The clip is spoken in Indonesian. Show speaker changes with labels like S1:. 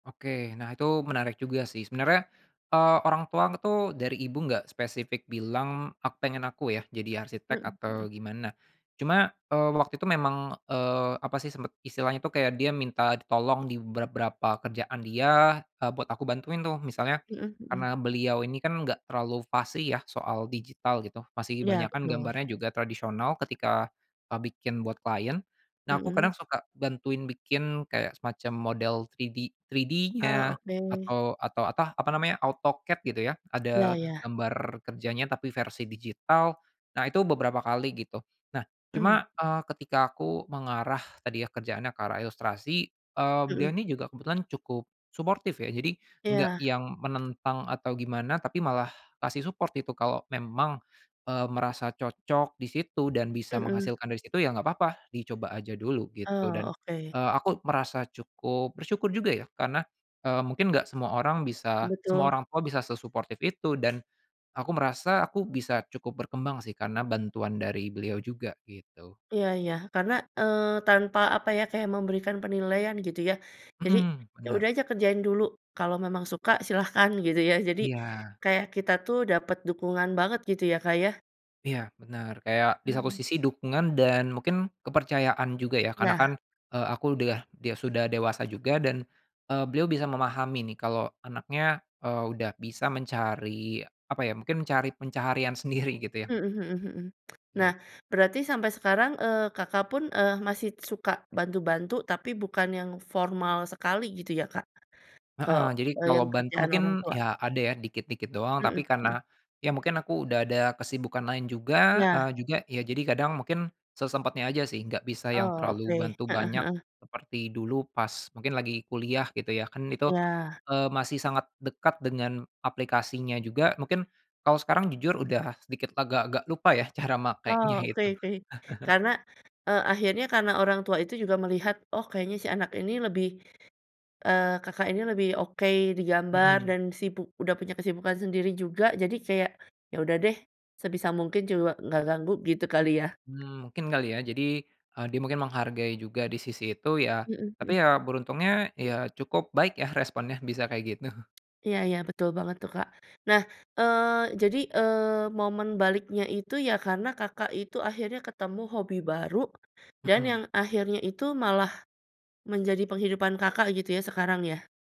S1: Oke, nah itu menarik juga sih. Sebenarnya, eee, orang tuang tuh dari Ibu enggak spesifik bilang ak pengen aku yah, jadi arsitek,
S2: Mhm mhm.
S1: atau gimana cuma, eee, waktu itu memang, eee, apa sih sempet istilahnya itu, kayak dia minta ditolong di beberapa kerjaan dia, eee, buat aku bantuin tuh. Misalnya,
S2: Mhm
S1: karena
S2: mhm.
S1: beliau ini kan enggak terlalu fasih ya soal digital gitu, masih
S2: Iya,
S1: kebanyakan
S2: betul.
S1: gambarnya juga tradisional ketika, eee, bikin, buat klien. Nah, aku kadang
S2: Mhm.
S1: suka bantuin bikin kayak semacam model 3D
S2: Ah,
S1: 3D-nya
S2: oke.
S1: atau atau atah apa namanya, AutoCAD gitu ya.
S2: Iya
S1: Ada
S2: iya.
S1: gambar kerjanya, tapi versi digital. Nah, itu beberapa kali gitu. Nah,
S2: Mmm.
S1: cuma, eee, ketika aku mengarah tadi ya, kerjaannya ke arah ilustrasi, eee, beliau
S2: Mhm.
S1: ini juga kebetulan cukup suportif ya. Jadi, gak
S2: Iya.
S1: yang menentang atau gimana, tapi malah ngasih support itu kalau memang, eee, merasa cocok di situ dan bisa
S2: Mhm.
S1: menghasilkan dari situ, ya gak papa, dicoba aja dulu gitu,
S2: Ah,
S1: dan,
S2: oke.
S1: eee, aku merasa cukup bersyukur juga ya, karena, eee, mungkin gak semua orang bisa semua
S2: Betul.
S1: orang tua bisa sesuportif itu dan aku merasa aku bisa cukup berkembang sih, karena bantuan dari beliau juga, gitu.
S2: Iya iya, karena, eee, tanpa apa ya, kayak memberikan penilaian gitu ya. Jadi,
S1: Mhm,
S2: ya udah
S1: benar.
S2: aja kerjain dulu, kalau memang suka, silahkan gitu ya. Jadi
S1: Iya.
S2: kayak kita tuh dapat dukungan banget gitu ya, Kak, ya.
S1: Iya, benar, kayak di saku
S2: Mhm.
S1: sisi dukungan dan mungkin kepercayaan juga ya. Karena kan,
S2: Iya.
S1: eee, aku de ah, dia sudah dewasa juga dan, eee, beliau bisa memahami nih kalau anaknya, eee, udah bisa mencari apa ya, mungkin mencari pencaharian sendiri gitu ya.
S2: Mhm mhm mhm. Nah,
S1: It.
S2: berarti sampai sekarang, eee, Kakak pun, eee, masih suka bantu-bantu, tapi bukan yang formal sekali gitu ya, Kak, ke
S1: Heeh. Jadi,
S2: e
S1: kalau
S2: yang
S1: bantu
S2: kerjaan
S1: mungkin
S2: orang tua?
S1: ya ada ya dikit-dikit doang. Tapi,
S2: Mhm mhm.
S1: karena ya mungkin aku udah ada kesibukan lain juga,
S2: Iya.
S1: eee, juga Ya, jadi, kadang mungkin sesempatnya aja sih, nggak bisa yang
S2: Oh,
S1: terlalu
S2: oke.
S1: bantu
S2: Heeh
S1: banyak
S2: heeh.
S1: seperti dulu pas mungkin lagi kuliah gitu ya. Kan itu,
S2: Iya.
S1: eee, masih sangat dekat dengan aplikasinya juga. Mungkin kalau sekarang, jujur udah sedikit agak-agak lupa ya cara makenya
S2: Oh, oke
S1: itu.
S2: oke. Karena, eee, akhirnya karena orang tua itu juga melihat, "Oh, kayaknya si anak ini lebih," eee, Kakak ini lebih oke di gambar
S1: Mhm.
S2: dan sibuk udah punya kesibukan sendiri juga. Jadi, kayak ya udah deh, sebisa mungkin juak nggak ganggu gitu kali, ya.
S1: Mmm, mungkin kali ya, jadi e dia mungkin menghargai juga di sisi itu, ya,
S2: Mhm
S1: tapi
S2: mhm.
S1: ya, beruntungnya ya cukup baik yah responnya, bisa kayak gitu.
S2: Iya iya, betul banget tuh, Kak. Nah, eee, jadi, eee, momen baliknya itu ya karena Kakak itu akhirnya ketemu hobi baru, dan
S1: Mhm.
S2: yang akhirnya itu malah menjadi penghidupan Kakak gitu ya sekarang, ya?